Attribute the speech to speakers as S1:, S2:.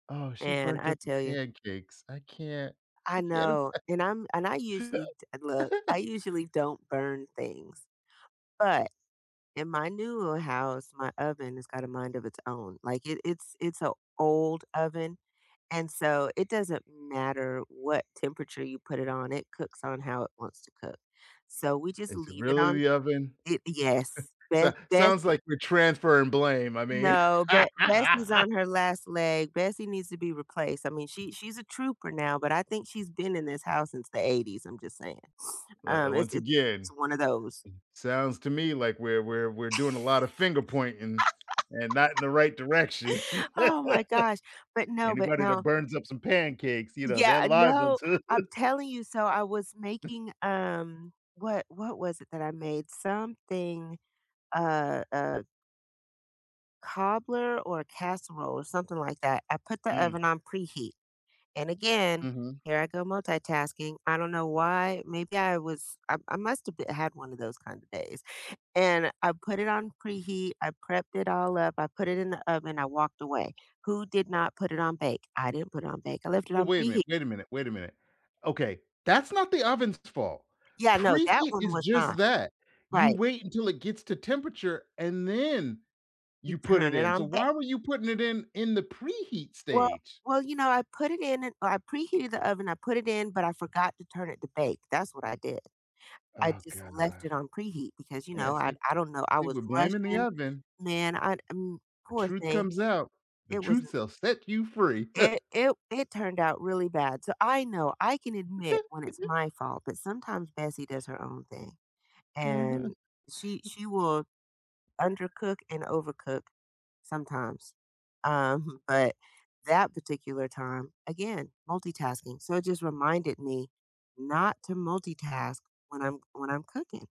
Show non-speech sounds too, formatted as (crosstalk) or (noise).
S1: Oh, she
S2: And
S1: burnt
S2: I
S1: up the
S2: tell ya
S1: pancakes, I can't
S2: I
S1: I can't
S2: know, and I'm and I
S1: ima
S2: usually d look, I
S1: (laughs)
S2: usually don't burn things, but in my newer house, my oven has got a mind of its own. Like, it it's it's a old oven, and so, it doesn't matter what temperature you put it on. It cooks on how it wants to cook. So, we just
S1: Is it
S2: leave it
S1: really
S2: on
S1: the oven?
S2: It, yes,
S1: (chuckles)
S2: Be
S1: Sa sounds
S2: Bessie
S1: like we're transferring blame. I mean
S2: No, but Bessie's
S1: (laughs)
S2: on her last leg, Bessie needs to be replaced. I mean, she she's a trooper now, but I think she's been in this house since the '80 I'm just saying, (sniffs)
S1: But
S2: um
S1: a
S2: it's
S1: once
S2: it's
S1: again
S2: one of those.
S1: sounds to me like we're we're we're doing a lot of finger pointing, and not in the right direction.
S2: (laughs)
S1: (laughs)
S2: Oh my gosh, but no but
S1: Anybody that
S2: no.
S1: burns up some pancakes, you know, they're
S2: Yeah,
S1: liable
S2: no,
S1: too.
S2: I'm telling you, so, I was making, um what what was it that I made? Something a a cobbler, or a casserole, or something like that, I put the
S1: Mm.
S2: oven on preheat. And again,
S1: Mhm.
S2: here I go multitasking I don't know why, maybe I was I I must of b have had one of those kinda days, and I put it on preheat, I prepped it all up, I put it in the oven, I walked away. "Who did not put it on bake?" I didn't put it on bake. I left it
S1: Wa
S2: on
S1: wait a
S2: preheat.
S1: minute wait a minute wait a minute, okay, that's not the oven's fault.
S2: Yeah, no, that
S1: Preheat
S2: one
S1: is
S2: was not,
S1: just that, you
S2: right.
S1: wait until it gets to temperature, and then
S2: You
S1: you put it
S2: turn it
S1: in. So,
S2: on back.
S1: why were you putting it in in the preheat
S2: Well
S1: stage?
S2: well, you know, I put it in, and I preheated the oven I put it in, but I forgot to turn it to bake, that's what I did. I
S1: Oh,
S2: just left
S1: god,
S2: it on preheat because, you
S1: yeah,
S2: know, I
S1: see
S2: I don't know, I
S1: see,
S2: was
S1: we're blaming the
S2: rushing,
S1: oven.
S2: man, I, m
S1: The
S2: poor
S1: truth
S2: thing,
S1: comes out, the
S2: it wasn't
S1: truth shall set you free.
S2: It
S1: (chuckles)
S2: it w it turned out really bad. So, I know, I can admit when it's
S1: (giggles)
S2: my fault, but sometimes Bessie does her own thing and
S1: Mhm.
S2: she she will undercook and overcook sometimes, um, (chuckles) but that particular time again, multitasking. So, it just reminded me not to multitask when I'm when I'm cooking.